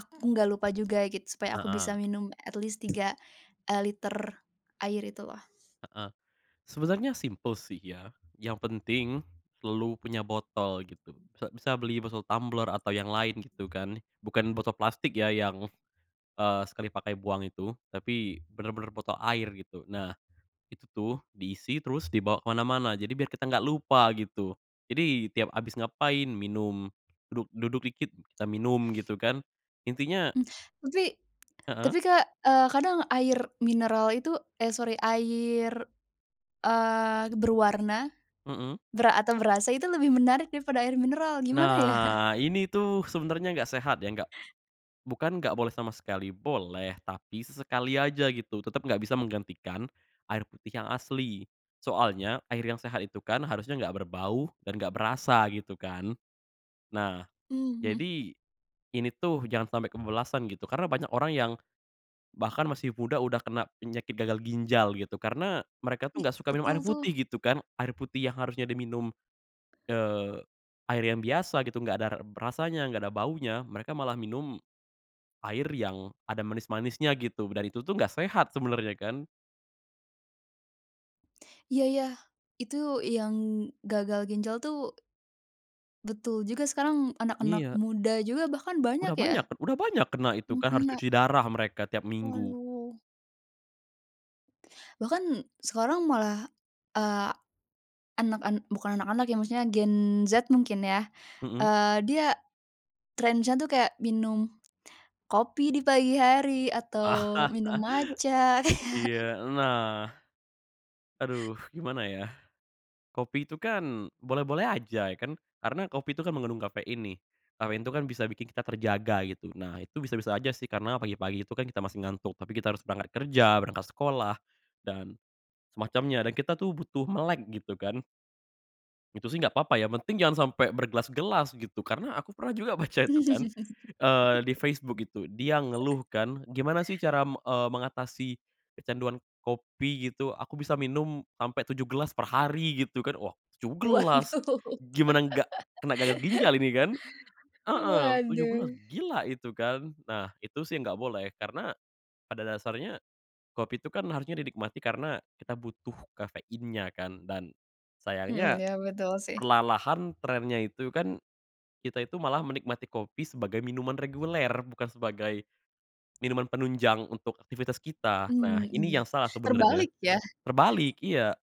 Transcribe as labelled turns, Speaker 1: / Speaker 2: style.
Speaker 1: Aku nggak lupa juga gitu supaya aku bisa
Speaker 2: Heeh.
Speaker 1: minum at least 3, eee, liter air itu loh.
Speaker 2: Heeh. Sebenernya simpel sih ya, yang penting selalu punya botol gitu sa bisa beli botol tumbler atau yang lain gitu kan bukan botol plastik ya yang, eee, sekali pakai buang itu tapi bener-bener botol air gitu. Nah itu tuh diisi terus dibawa ke mana-mana jadi biar kita nggak lupa gitu. Jadi tiap abis ngapain minum, duduk duduk dikit kita minum gitu kan intinya
Speaker 1: Hmm, tapi
Speaker 2: Heeh.
Speaker 1: tapi Kak, eee, kadang air mineral itu eh sori air, eee, berwarna
Speaker 2: Mhm.
Speaker 1: ber atau berasa itu lebih menarik daripada air mineral, gimana ya?
Speaker 2: Nah, ini tuh sebenernya gak sehat ya, nggak bukan nggak boleh sama sekali, boleh tapi sesekali aja gitu tetep nggak bisa menggantikan air putih yang asli. Soalnya air yang sehat itu kan harusnya nggak berbau dan nggak berasa gitu kan. Nah
Speaker 1: Hmm, mhm.
Speaker 2: jadi ini tuh jangan sampai kebablasan gitu karena banyak orang yang bahkan masih muda udah kena penyakit gagal ginjal, gitu. Karena mereka tuh
Speaker 1: Ih,
Speaker 2: nggak suka minum air
Speaker 1: betul
Speaker 2: putih
Speaker 1: tuh.
Speaker 2: gitu kan, air putih yang harusnya diminum, eee, air yang biasa gitu, nggak ada r berasanya, nggak ada baunya. Mereka malah minum air yang ada manis-manisnya gitu dan itu tuh nggak sehat sebenernya kan.
Speaker 1: Iya ya, itu yang gagal ginjal tuh betul juga, sekarang anak-anak
Speaker 2: Iya.
Speaker 1: muda juga bahkan banyak
Speaker 2: Udah banyak
Speaker 1: ya?
Speaker 2: udah banyak kena itu
Speaker 1: Hmm,
Speaker 2: kan harus
Speaker 1: kena.
Speaker 2: cuci darah mereka tiap minggu.
Speaker 1: Waduh. Bahkan sekarang malah, eee, anak an bukan anak-anak ya, maksudnya Gen Z mungkin ya,
Speaker 2: Mhm.
Speaker 1: eee, dia trennya tuh kayak minum kopi di pagi hari atau minum matcha. Kayak
Speaker 2: Iya nah. Aduh gimana ya, kopi itu kan boleh-boleh aja kan karena kopi itu kan mengandung kafein nih, kafein tuh kan bisa bikin kita terjaga gitu. Nah itu bisa-bisa aja sih karena pagi-pagi itu kan kita masih ngantuk, tapi kita harus berangkat kerja, berangkat sekolah dan semacamnya dan kita tuh butuh melek gitu kan. Itu sih nggak apa-apa, yang penting jangan sampe bergelas-gelas gitu. Karena aku pernah juga baca itu kan, eee, di Facebook gitu dia ngeluh kan, "Gimana sih cara, eee, mengatasi kecanduan kopi gitu? Aku bisa minum sampai 7 gelas perhari." Gitu kan wah, 7 gelas,
Speaker 1: Waduh.
Speaker 2: gimana gak kena gagal ginjal ini kan? Heeh, 7 gelas,
Speaker 1: Waduh.
Speaker 2: gila itu kan. Nah itu sih nggak boleh, karena pada dasarnya kopi itu kan harusnya dinikmati karena kita butuh kafeinnya kan dan
Speaker 1: Mhm,
Speaker 2: sayangnya,
Speaker 1: iya betul sih.
Speaker 2: perlahan-lahan, trennya itu kan kita itu malah menikmati kopi sebagai minuman reguler bukan sebagai minuman penunjang untuk aktivitas kita. Nah
Speaker 1: Hmm
Speaker 2: ini
Speaker 1: iya.
Speaker 2: yang salah sebenarnya,
Speaker 1: Terbalik ya.
Speaker 2: terbalik, iya.